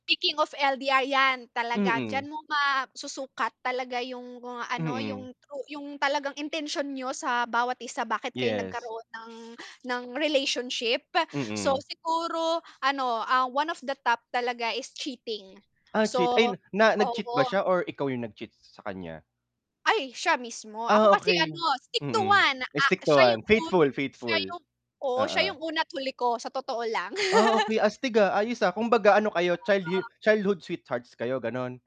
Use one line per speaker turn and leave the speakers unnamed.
Speaking of LDR, 'yan talaga, d'yan
Mm.
mo masusukat talaga, yung kung ano yung
Mm.
true yung talagang intensyon niyo sa bawat isa, bakit kayo
Yes.
nagkaroon ng, ng relationship. So,
Mm.
siguro, ano, ah, one of the top talaga, is cheating
Ah, cheat
so
ay, na nag-cheat ba
oo.
siya or ikaw yung nag-cheat sa kanya?
Ay, siya mismo, ako
Ah,
kasi,
okey.
ano, stick to
Mm,
one, ah,
stick to
siya yung
one,
un
faithful,
siya
faithful.
yung oo, siya
Oo.
yung una at huli ko sa totoo lang.
Ah, okey, astig, ah. Ayos, ah, kumbaga ano kayo, child hi
Oo.
childhood sweethearts kayo, ganu'n?